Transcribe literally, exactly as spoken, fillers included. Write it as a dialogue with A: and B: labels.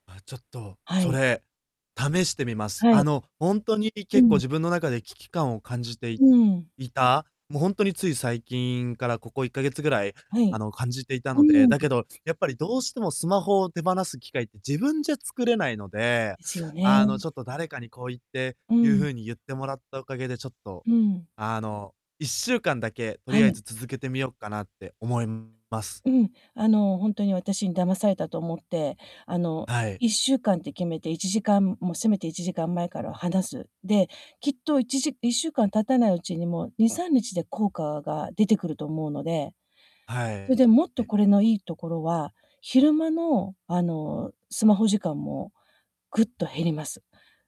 A: あ、ちょっと、
B: は
A: そ
B: い。
A: れ、試してみます。
B: は
A: あ
B: い。
A: の、ほんとに
B: う
A: 結構
B: ん。
A: 自分の中で、危機感を感じてい
B: うううん。
A: いた、も、ほんとについ最近からここいっかげつぐらい、
B: は
A: あ
B: い。
A: の、感じていた
B: う
A: ので、
B: ー
A: だ
B: ん。
A: けど、やっぱりどうしてもスマホを手放す機会って、自分じゃ作れないので、
B: ですよ
A: あの、
B: ね。
A: ちょっと誰かにこう言って
B: う
A: い
B: ー
A: う
B: ん。
A: 風に言ってもらったおかげでちょっと、
B: うーん。
A: あの、いっしゅうかんだけ、と
B: は
A: りあえ
B: い。
A: ず続けてみようかなって思います。
B: うん、あの、ほんとに私に騙されたと思って、あの、
A: はい。
B: いっしゅうかんって決めて、いちじかんもうせめていちじかん前からは離す。で、きっといちじいっしゅうかん経たないうちにもう、にさんにちで効果が出てくると思うので。
A: はい。
B: それで、
A: え
B: もっと
A: え。
B: これのいいところは、昼間の、あの、スマホ時間もぐっと減ります。